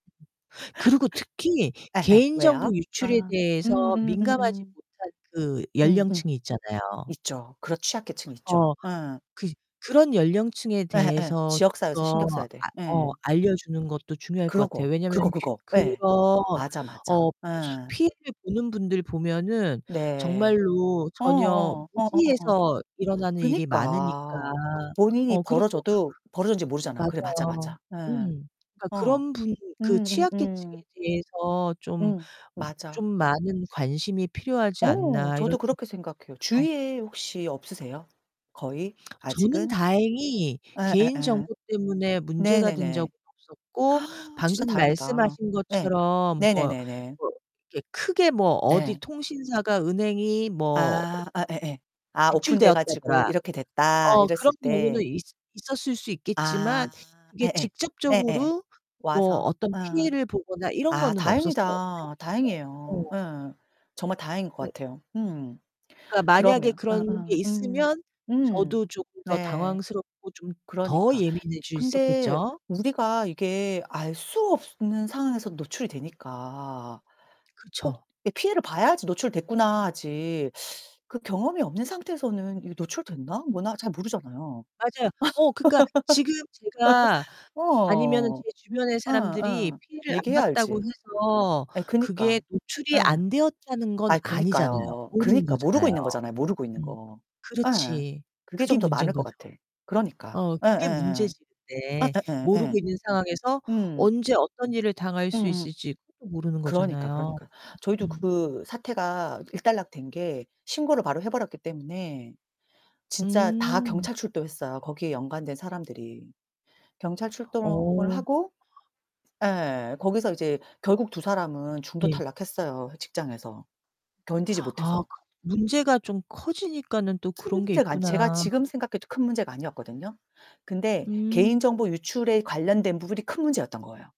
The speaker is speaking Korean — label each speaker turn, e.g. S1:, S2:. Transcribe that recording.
S1: 그리고 특히
S2: 예예,
S1: 개인
S2: 왜요?
S1: 정보 유출에
S2: 아
S1: 대해서 민감하지
S2: 음음음음.
S1: 못한 그
S2: 응 응.
S1: 연령층이 있잖아요.
S2: 있죠. 그런 취약계층이 있죠.
S1: 어
S2: 예.
S1: 그 그런 연령층에
S2: 예 예.
S1: 대해서
S2: 지역
S1: 좀
S2: 사회에서 신경 써야 돼.
S1: 아
S2: 예.
S1: 어 알려주는 것도 중요할 거 같아요.
S2: 그러고,
S1: 왜냐면
S2: 그거 그거
S1: 그런
S2: 예. 맞아 맞아,
S1: 어
S2: 예.
S1: 피해를 보는 분들 보면은
S2: 네.
S1: 정말로
S2: 어
S1: 전혀
S2: 어 어 어 어 어.
S1: 무지해서 일어나는 일이 많으니까.
S2: 그니까 본인이
S1: 어 그리고
S2: 벌어져도 벌어졌는지 모르잖아. 그래 맞아
S1: 맞아요.
S2: 맞아. 예.
S1: 음. 아
S2: 어.
S1: '그런 분들 그
S2: 음 음
S1: 취약 계층에
S2: 음.
S1: 대해서 좀
S2: 응,
S1: 무 좀
S2: 맞아.
S1: 많은 관심이 필요하지
S2: 어,
S1: 않나.' 이런
S2: 저도 그렇게 생각해요.
S1: 생각도 들어요.
S2: 주위에 혹시 없으세요? 거의?
S1: 저는
S2: 아직은?
S1: 다행히
S2: 예 예
S1: 개인
S2: 예.
S1: 정보 때문에
S2: 네
S1: 문제가
S2: 네
S1: 된 적은
S2: 네.
S1: 없었고
S2: 진짜
S1: 방금
S2: 다행이다.
S1: 말씀하신
S2: 예.
S1: 것처럼 뭐
S2: 네네네네.
S1: 뭐 이렇게 크게 뭐 어디
S2: 네.
S1: 통신사가 은행이 뭐
S2: 아 예예예. 아 오픈 돼 가지고
S1: 유출되었다더라.
S2: "이렇게 됐다."
S1: 어
S2: 이랬을
S1: 그런 경우는
S2: 때
S1: 있 있었을 수
S2: 아
S1: 있겠지만 그게
S2: 예 예 예 예
S1: 직접적으로 뭐
S2: 와서.
S1: 어떤
S2: 어.
S1: 피해를 보거나
S2: 아
S1: 이런거는 없었어요.
S2: 다행이다.
S1: 다행이죠.
S2: 다행이에요.
S1: 네.
S2: 예. 정말 다행인 것
S1: 네.
S2: 같아요. 음.
S1: 그니까 만약에
S2: 그러면 어
S1: 그런 게
S2: 어 음
S1: 있으면
S2: 음
S1: 저도 조금 더
S2: 네.
S1: 당황스럽고 좀 더
S2: 그러니까.
S1: 예민해질 수
S2: 근데
S1: 있었겠죠?
S2: 우리가 이게 알 수 없는 상황에서 노출이 되니까 꼭
S1: 그쵸.
S2: 이 피해를 봐야지 '노출됐구나.' 하지. 그 경험이 없는 상태에서는 이게 '노출됐나. 뭐나.' 잘 모르잖아요.
S1: 맞아요. 어 그니까 지금 제가 아니면은
S2: 어.
S1: 제 주변의
S2: 응
S1: 사람들이
S2: 응,
S1: 피해를 안
S2: 얘기해야
S1: 봤다고
S2: 알지.
S1: 해서
S2: 아이 그니까
S1: 그게 노출이
S2: 예.
S1: 안 되었다는 건
S2: 아
S1: 아니잖아요.
S2: 그니까요.
S1: 모르는
S2: 그니까 모르고
S1: 거잖아요.
S2: 있는 거잖아요 모르고 있는 거. 예.
S1: 그렇지.
S2: 그게
S1: 그게
S2: 좀 더 많을 것
S1: 문제인거죠.
S2: 같아. 그러니까.
S1: 어
S2: 예 예
S1: 그게
S2: 예.
S1: 문제지.
S2: 예
S1: 근데.
S2: 예 예
S1: 모르고
S2: 예.
S1: 있는 상황에서
S2: 응.
S1: 언제 어떤 일을 당할
S2: 응
S1: 수
S2: 응.
S1: 있을지 모르는
S2: 그러니까,
S1: 거잖아요.
S2: 그러니까. 저희도
S1: 으음.
S2: 그 사태가 일단락된 게 신고를 바로 해버렸기 때문에 진짜 다
S1: 음.
S2: 경찰 출동했어요. 거기에 연관된 사람들이. 경찰 출동을
S1: 어.
S2: 하고 예 거기서 이제 결국 2 사람은 중도
S1: 네.
S2: 탈락했어요 직장에서. 견디지
S1: 아.
S2: 못해서.
S1: 그 문제가 좀 커지니까는 또
S2: 큰
S1: 그런 게
S2: 문제가 아니 제가
S1: 있구나.
S2: 지금 생각해도 큰 문제가 아니었거든요. 근데
S1: 음.
S2: 개인 정보 유출에 관련된 부분이 큰 문제였던 거예요.